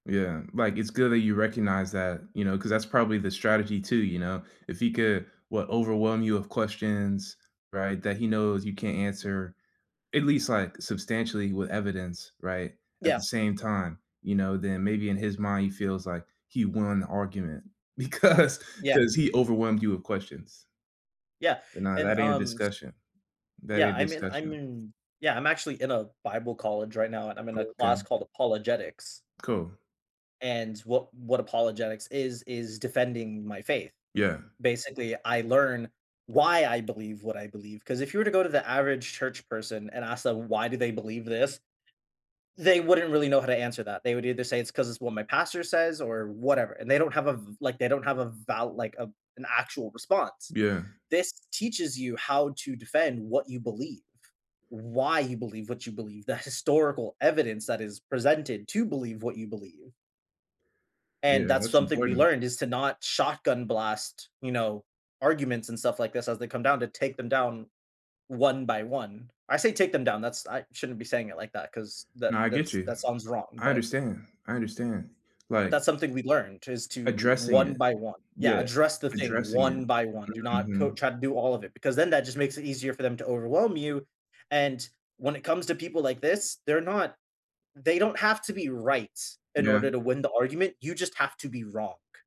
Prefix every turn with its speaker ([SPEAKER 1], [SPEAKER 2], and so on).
[SPEAKER 1] Yeah, like, it's good that you recognize that, you know, ‘cause that's probably the strategy too, you know, if he could, what, overwhelm you with questions, right, that he knows you can't answer at least, like, substantially with evidence, right, at the
[SPEAKER 2] Yeah.
[SPEAKER 1] same time, you know, then maybe in his mind, he feels like he won the argument because
[SPEAKER 2] Yeah.
[SPEAKER 1] ‘cause he overwhelmed you with questions.
[SPEAKER 2] Yeah,
[SPEAKER 1] But nah,
[SPEAKER 2] and,
[SPEAKER 1] that ain't a
[SPEAKER 2] um, s
[SPEAKER 1] discussion. That
[SPEAKER 2] Yeah,
[SPEAKER 1] ain't a
[SPEAKER 2] I’m in I’m
[SPEAKER 1] discussion.
[SPEAKER 2] in Yeah, I'm actually in a bible college right now, and I'm in a class
[SPEAKER 1] Okay.
[SPEAKER 2] called Apologetics.
[SPEAKER 1] Cool.
[SPEAKER 2] And what what Apologetics is, is defending my faith.
[SPEAKER 1] Yeah.
[SPEAKER 2] Basically, I learn why I believe what I believe, ‘cause if you were to go to the average church person and ask them why do they believe this? They wouldn't really know how to answer that, they would either say it's ‘cause it's what my pastor says or whatever, and they don't have a v like, they don't have a val like a an actual response.
[SPEAKER 1] Yeah.
[SPEAKER 2] This teaches you how to defend what you believe, why you believe what you believe, the historical evidence that is presented to believe what you believe. And
[SPEAKER 1] Yeah,
[SPEAKER 2] that's
[SPEAKER 1] that's
[SPEAKER 2] something we
[SPEAKER 1] important.
[SPEAKER 2] learned is to not shotgun blast, you know, arguments and stuff like this as they come down to take them down one by one. I say take them down, that's I shouldn't be saying it like that ‘cause that
[SPEAKER 1] Nah, I get
[SPEAKER 2] that's
[SPEAKER 1] you.
[SPEAKER 2] that sounds wrong,
[SPEAKER 1] I
[SPEAKER 2] but
[SPEAKER 1] understand, I understand. Like
[SPEAKER 2] That's something we learned is to
[SPEAKER 1] addressing
[SPEAKER 2] one
[SPEAKER 1] it.
[SPEAKER 2] by one Yeah,
[SPEAKER 1] Yeah.
[SPEAKER 2] address the thing
[SPEAKER 1] Addressing
[SPEAKER 2] one
[SPEAKER 1] it.
[SPEAKER 2] by one, do
[SPEAKER 1] Mm,
[SPEAKER 2] not
[SPEAKER 1] mhm.
[SPEAKER 2] coat try to do all of it because then that just makes it easier for them to overwhelm you and when it comes to people like this, they're not they don't have to be right in order
[SPEAKER 1] Yeah.
[SPEAKER 2] to win the argument, you just have to be wrong.